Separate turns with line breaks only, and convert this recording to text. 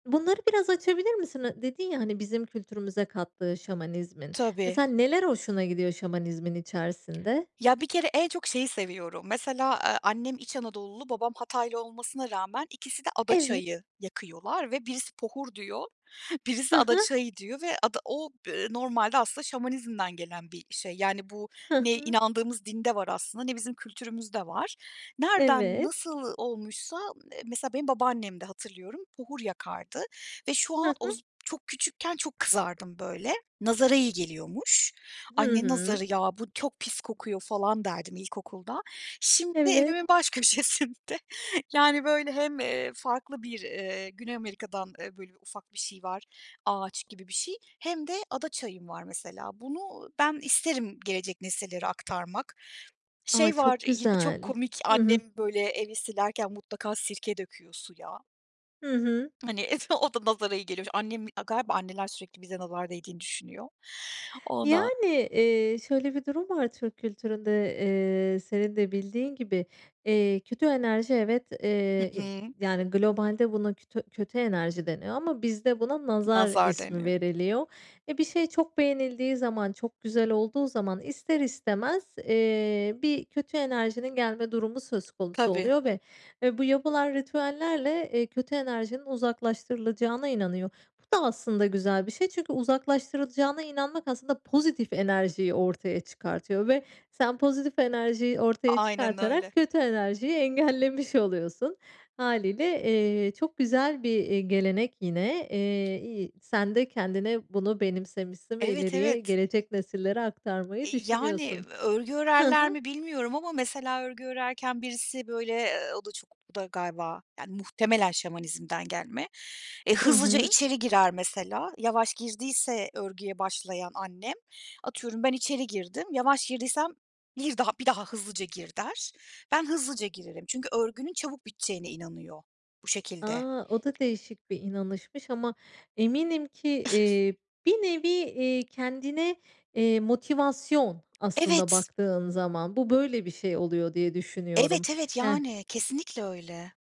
Bunları biraz açabilir misin? A dedin ya, hani "bizim kültürümüze kattığı Şamanizmin"
Tabii.
mesela neler hoşuna gidiyor Şamanizmin içerisinde?
Ya, bir kere en çok şeyi seviyorum. Mesela, aaa, annem İç Anadolulu, babam Hataylı olmasına rağmen ikisi de ada
Evet.
çayı yakıyorlar ve birisi pohur diyor,
Hı
birisi ada
hı.
çayı diyor ve ada o, ııı, normalde aslında Şamanizm'den gelen bir şey. Yani bu
Hı
ne
hı.
inandığımız dinde var aslında ne bizim kültürümüzde var. Nereden
Evet.
nasıl olmuşsa, eee, mesela benim babaannem de hatırlıyorum, buhur yakardı ve şu
Hı
an
hı.
oz çok küçükken çok kızardım böyle, nazara iyi geliyormuş.
Hı
"Ay, ne
hı.
nazarı ya, bu çok pis kokuyor!" falan derdim ilkokulda. Şimdi
Evet.
evimin baş köşesinde, yani böyle hem, eee, farklı bir, eee, Güney Amerika'dan, eee, böyle ufak bir şey var, ağaç gibi bir şey, hem de ada çayım var mesela. Bunu ben isterim gelecek nesillere aktarmak.
A,
Şey var
çok
yine çok
güzel.
komik,
Hı hı.
annem böyle evi silerken mutlaka sirke döküyor suya.
Hı hı.
Hani o da nazara iyi geliyormuş. Annem A, galiba anneler sürekli bize nazar değdiğini düşünüyor. Ondan.
Yani, eee, şöyle bir durum var Türk kültüründe, eee, senin de bildiğin gibi, eee kötü enerji, evet,
Hı
eee,
hı.
yani globalde buna tö kötü enerji deniyor ama bizde buna "nazar"
Nazar
ismi
deniyor.
veriliyor ve bir şey çok beğenildiği zaman, çok güzel olduğu zaman ister istemez, eee, bir kötü enerjinin gelme durumu söz konusu
Tabii.
oluyor ve ve bu yapılan ritüellerle, eee, kötü enerjinin uzaklaştırılacağına inanıyor. Bu da aslında güzel bir şey, çünkü uzaklaştırılacağına inanmak aslında pozitif enerjiyi ortaya çıkartıyor ve sen pozitif enerjiyi ortaya
Aynen
çıkartarak
öyle.
kötü enerjiyi engellemiş oluyorsun. Hâliyle, eee, çok güzel bir, iii, gelenek yine, eee, iyi sen de kendine bunu benimsemişsin ve
Evet,
ileriye
evet.
gelecek nesillere aktarmayı
Eee, iii, yani
düşünüyorsun.
örgü
Hı
örerler
hı.
mi bilmiyorum ama mesela örgü örerken birisi böyle, eee, o da çok o da galiba, yani muhtemelen Şamanizm'den gelme. Eee,
Hı
hızlıca
hı.
içeri girer mesela yavaş girdiyse örgüye başlayan annem, atıyorum ben içeri girdim yavaş girdiysem, bir daha bir daha hızlıca gir, der. Ben hızlıca girerim çünkü örgünün çabuk biteceğine inanıyor bu şekilde.
A! O da değişik bir inanışmış ama eminim ki, iii, bir nevi, iii, kendine, eee, motivasyon aslında
Evet.
baktığın zaman bu böyle bir şey oluyor diye düşünüyorum.
Evet, evet,
Yani
yani. Kesinlikle öyle.